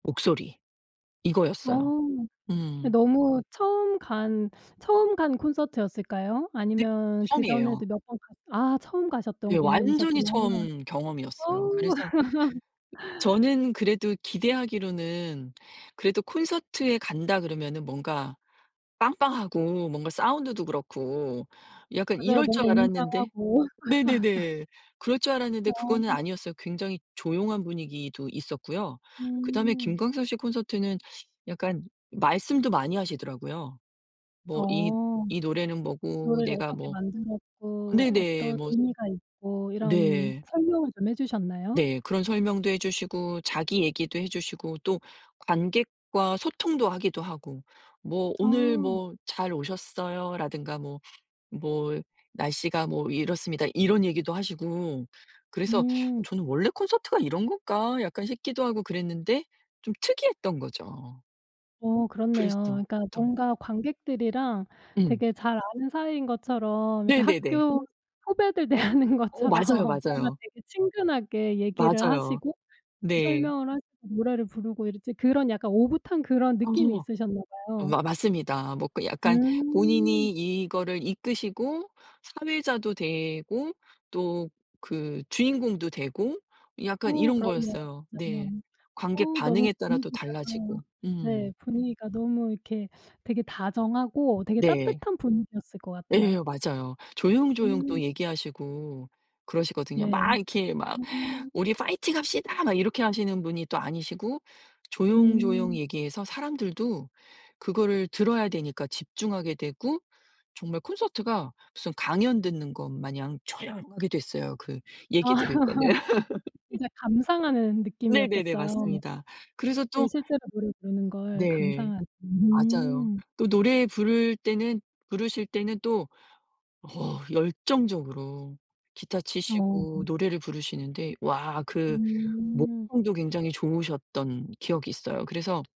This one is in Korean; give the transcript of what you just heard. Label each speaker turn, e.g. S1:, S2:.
S1: 목소리
S2: 어.
S1: 이거였어요.
S2: 네
S1: 음.
S2: 너무 처음 간 처음 간 콘서트였을까요?
S1: 네
S2: 아니면
S1: 처음이에요.
S2: 그전에도 몇 번 갔 아 처음 가셨던
S1: 예 완전히
S2: 공연이셨구나.
S1: 처음
S2: 아.
S1: 경험이었어요. 그래서 저는 그래도 기대하기로는 그래도 콘서트에 간다 그러면은 뭔가 빵빵하고 뭔가 사운드도 그렇고 약간
S2: 맞아요.
S1: 이럴
S2: 뭔가
S1: 줄 알았는데
S2: 웅장하고
S1: 네네네 그럴 줄
S2: 어.
S1: 알았는데 그거는 아니었어요. 굉장히 조용한 분위기도 있었고요. 그다음에
S2: 음.
S1: 김광석 씨 콘서트는 약간 말씀도 많이 하시더라고요. 뭐 "이
S2: 어.
S1: 이 노래는 뭐고
S2: 노래를
S1: 내가
S2: 어떻게
S1: 뭐."
S2: 만들었고
S1: 네네
S2: 어떤
S1: 뭐
S2: 의미가 있고 이런
S1: 네.
S2: 설명을 좀 해주셨나요?
S1: 네. 그런 설명도 해주시고 자기 얘기도 해주시고 또 관객과 소통도 하기도 하고. 뭐 "오늘
S2: 아.
S1: 뭐 잘 오셨어요?" 라든가 뭐 뭐 "날씨가 뭐 이렇습니다." 이런 얘기도 하시고 그래서
S2: 음.
S1: 저는 원래 콘서트가 이런 건가 약간 싶기도 하고 그랬는데 좀 특이했던 거죠.
S2: 어 그렇네요.
S1: 그랬어
S2: 그러니까
S1: 또
S2: 뭔가 관객들이랑
S1: 음.
S2: 되게 잘 아는 사이인 것처럼 이렇게
S1: 네네네.
S2: 학교 후배들 대하는
S1: 어
S2: 것처럼
S1: 맞아요,
S2: 뭔가
S1: 맞아요.
S2: 되게 친근하게 얘기를
S1: 맞아요.
S2: 하시고
S1: 네.
S2: 설명을 하시고 노래를 부르고 이랬지 그런 약간 오붓한 그런 느낌이
S1: 맞아요.
S2: 있으셨나 봐요.
S1: 마 맞습니다. 뭐 그 약간 본인이
S2: 음.
S1: 이거를 이끄시고 사회자도 되고 또 그 주인공도 되고 약간
S2: 어
S1: 이런
S2: 그렇네요
S1: 거였어요.
S2: 진짜.
S1: 네. 관객
S2: 어 너무
S1: 반응에 따라 또
S2: 분위기가
S1: 달라지고. 음.
S2: 네 분위기가 너무 이렇게 되게 다정하고 되게
S1: 네.
S2: 따뜻한 분위기였을 것
S1: 예
S2: 같아요.
S1: 맞아요. 조용조용
S2: 음.
S1: 또 얘기하시고 그러시거든요.
S2: 네.
S1: 막 이렇게 막
S2: [unintelligible]
S1: "우리 파이팅합시다." 막 이렇게 하시는 분이 또 아니시고 조용조용
S2: 음.
S1: 얘기해서 사람들도 그거를 들어야 되니까 집중하게 되고 정말 콘서트가 무슨 강연 듣는 것 마냥 조용하게 됐어요. 그
S2: 아
S1: 얘기 들을 때는.
S2: 이제 감상하는
S1: 네네네.
S2: 느낌이었겠어요.
S1: 맞습니다. 그래서
S2: 그
S1: 또
S2: 실제로 노래 부르는 걸
S1: 네.
S2: 감상하는
S1: 맞아요.
S2: 음.
S1: 또 노래 부를 때는 부르실 때는 또 어 열정적으로 기타
S2: 어.
S1: 치시고 노래를 부르시는데 와 그
S2: 음.
S1: 목청도 굉장히 좋으셨던 기억이 있어요. 그래서